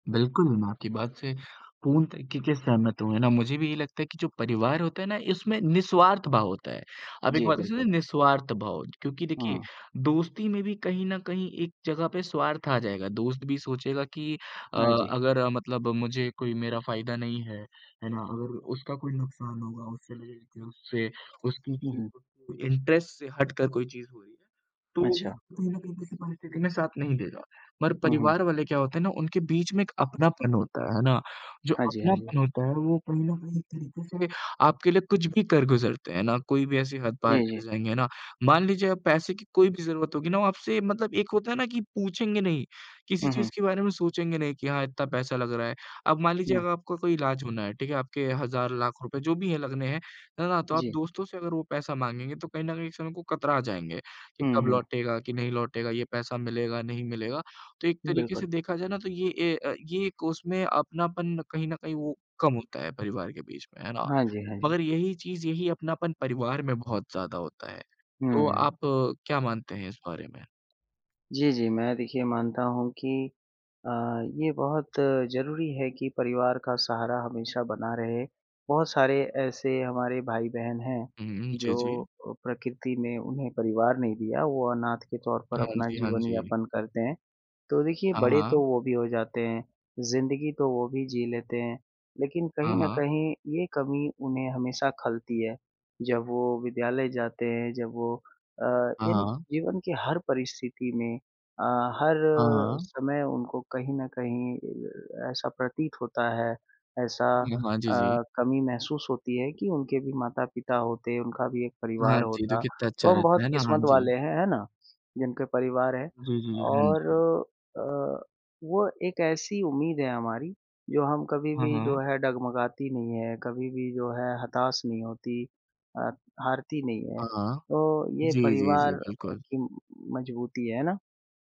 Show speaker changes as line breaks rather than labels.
बिल्कुल मैं आपकी बात से पूर्ण तरीक़े से सहमत हूँ, है ना। मुझे भी ये लगता है कि जो परिवार होता है ना इसमें निस्वार्थ भाव होता है। आप एक
जी
बात इसमें
बिल्कुल।
निस्वार्थ भाव क्योंकि देखिए
हुँ।
दोस्ती में भी कहीं न कहीं एक जगह पे स्वार्थ आ जाएगा। दोस्त भी सोचेगा कि अ,
हाँ जी।
अगर अ, मतलब मुझे कोई मेरा फायदा नहीं है, है ना? अगर उसका कोई नुकसान होगा उससे उससे, उसकी
हुँ, हुँ।
चीज़ों के इंटरेस्ट से हट कर कोई चीज़ हुई ना, तो वो भी
अच्छा।
कहीं न कहीं किसी परिस्थिति में साथ नहीं देगा। मगर
हुँ, हुँ।
परिवार वाले क्या होते हैं ना, उनके बीच में एक अपनापन होता है, है ना? जो
हाँ जी, हाँ जी।
अपनापन होता है वो कहीं न कहीं एक तरीक़े से आपके लिए कुछ भी कर गुज़रते हैं ना, कोई भी ऐसी हद
जी,
पार कर
जी।
जाएँगे ना। मान लीजिए आप पैसे की कोई भी ज़रूरत होगी ना, वो आपसे मतलब एक होता है ना कि पूछेंगे नहीं, किसी
हुँ, हुँ।
चीज़ के बारे में सोचेंगे नहीं कि हाँ इतना पैसा लग रहा है। अब मान लीजिए
हुँ।
अगर आपको इलाज होना है, ठीक है? आपके हज़ार-लाख रुपए जो भी है लगने हैं, है ना? तो आप
जी।
दोस्तों से अगर वो पैसा माँगेंगे तो कहीं न कहीं एक समय को कतरा जाएँगे कि
हुँ,
कब
हुँ।
लौटेगा, कि नहीं लौटेगा, ये पैसा मिलेगा, नहीं मिलेगा। तो एक तरीक़े
बिल्कुल।
से देखा जाए ना तो ये ए, अ, ये उसमें अपनापन कहीं न कहीं वो कम होता है परिवार के बीच में, है ना?
हाँ जी, हाँ जी।
मगर यही चीज़, यही अपनापन परिवार में बहुत ज़्यादा होता है। तो
हुँ।
आप क्या मानते हैं इस बारे में?
जी, जी। मैं देखिए मानता हूँ कि अ, ये बहुत ज़रूरी है कि परिवार का सहारा हमेशा बना रहे। बहुत सारे ऐसे हमारे भाई-बहन हैं
हुँ, हुँ। जी,
जो,
जी।
प्रकृति ने उन्हें परिवार नहीं दिया, वो अनाथ के तौर पर
हाँ
अपना
जी, हाँ
जीवन
जी।
यापन करते हैं। तो देखिए
हाँ,
बड़े तो
हाँ।
वो भी हो जाते हैं, ज़िंदगी तो वो भी जी लेते हैं, लेकिन कहीं
हाँ,
न
हाँ।
कहीं ये कमी उन्हें हमेशा खलती है। जब वो विद्यालय जाते हैं जब वो, अ,
हाँ,
यानी
हाँ।
जीवन की हर परिस्थिति में अ, हर
हाँ, हाँ।
समय उनको कहीं न कहीं ऐसा प्रतीत होता है ऐसा
हाँ, हाँ। जी, जी।
अ, कमी महसूस होती है कि उनके भी माता-पिता होते, उनका भी एक
हाँ
परिवार
जी। तो
होता।
कितना अच्छा
तो हम बहुत
रहता है ना, हाँ
किस्मत
जी।
वाले हैं, है ना? जिनके परिवार हैं
जी, जी। हाँ
और
जी।
अ, वो एक ऐसी उम्मीद है हमारी जो हम कभी
हाँ,
भी जो
हाँ।
है डगमगाती नहीं है, कभी भी जो है हताश नहीं होती अ, हारती नहीं है।
हाँ, हाँ।
तो ये
जी, जी, जी।
परिवार
बिल्कुल।
की मज़बूती है, है ना?